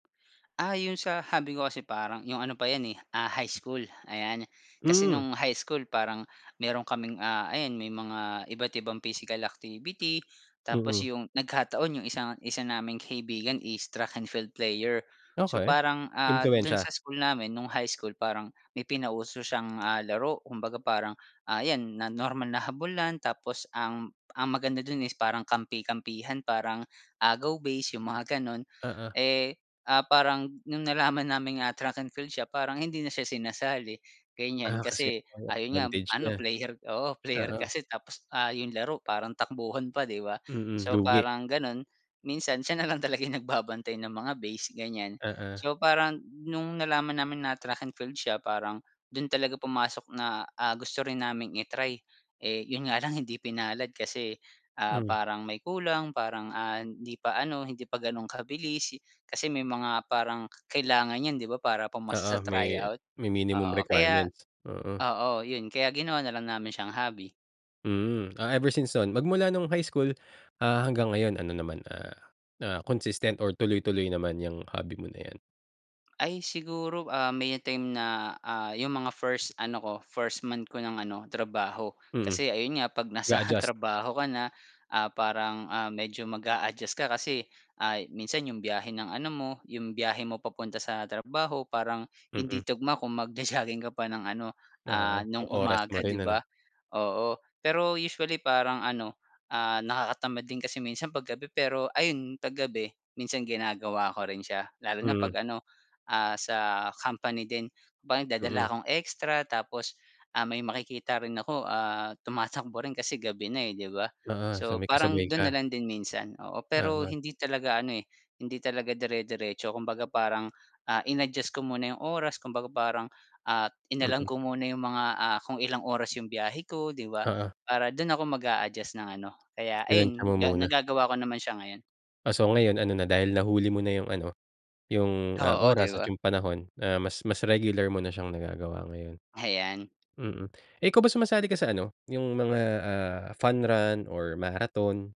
Ah, yun sa hobby ko kasi parang yung ano pa yan, eh, ah, high school, ayan. Kasi Hmm. nung high school parang meron kaming, ah, ayan may mga iba't ibang physical activity, tapos Mhm. yung nagkataon yung isang, isa naming kaibigan is track and field player. So, Okey. parang, ah, dun Impluwensya? sa school namin nung high school parang may pinauso siyang, ah, laro kumbaga parang, ah, iyan na normal na habulan tapos ang ang maganda dun is parang kampi-kampihan parang agaw base yung mga ganun, Oo. eh, ah, parang nung nalaman naming, ah, track and field siya parang hindi na siya sinasali ganiyan Ah, kasi kasi may ayun nga advantage ano niya? player oo player Oo. kasi tapos ah, yung laro parang takbuhan pa 'di ba? Mm, So, lugi. parang ganun, minsan siya nalang talaga yung nagbabantay ng mga base ganiyan. Oo. So, parang nung nalaman namin na track and field siya parang dun talaga pumasok na, ah, gusto rin naming i-try, eh, yun nga lang hindi pinalad kasi, ah, Hmm. parang may kulang, parang, ah, hindi pa ano, hindi pa ganun kabilis. Kasi may mga parang kailangan iyan 'di ba? Para pumasa sa Oo may tryout, may minimum oo kaya requirements? Mm. oo yun kaya ginawa na lang namin siyang hobby. Hmm. Ah, ever since nun magmula nung high school, ah, hanggang ngayon ano naman ah, na consistent or tuloy-tuloy naman iyang hobby mo na iyan? Ay siguro, ah, may time na, ah, yung mga first ano ko, 1st month ko ng ano trabaho Mhm. kasi ayun nga kapag nasa nag-adjust. trabaho ka na, ah, parang, ah, medyo mag-a-adjust ka kasi ay minsan yung biyahe ng ano mo, yung biyahe mo papunta sa trabaho parang hindi Mm. tugma kung mag-ja-jogging ka pa ng ano, Oo ah, nung yung oras mo umaga rin 'di ano? ba? Po pero usually parang ano, ah, nakakatamad din kasi minsan kapag gabi pero ayun pag gabi minsan ginagawa ko rin siya lalo na Mhm. kapag ano, ah, sa company din ba nagdadala Mm. akong extra tapos, ah, may makikita rin ako, ah, tumatakbo rin kasi gabi na, eh, 'di ba. Oo so So, may kasabay parang dun na ka? lang din minsan oo, pero Oo. hindi talaga ano, eh, hindi talaga dire-diretso kumbaga parang, ah, in-adjust ko muna yung oras kumbaga parang, ah, inalam Mm. ko muna yung mga, ah, kung ilang oras yung biyahe ko 'di ba Oo. para dun ako mag-a-adjust ng ano, kaya Tinantiya ayun mo ga muna. nagagawa ko naman siya ngayon. Ah, so ngayon ano na dahil nahuli mo na yung ano, yung ah, Oo, di oras at ba? yung panahon na mas mas regular mo na siyang nagagawa ngayon. Ayan. Mm, eh ikaw ba sumasali ka sa ano, yung mga ah, fun run or marathon?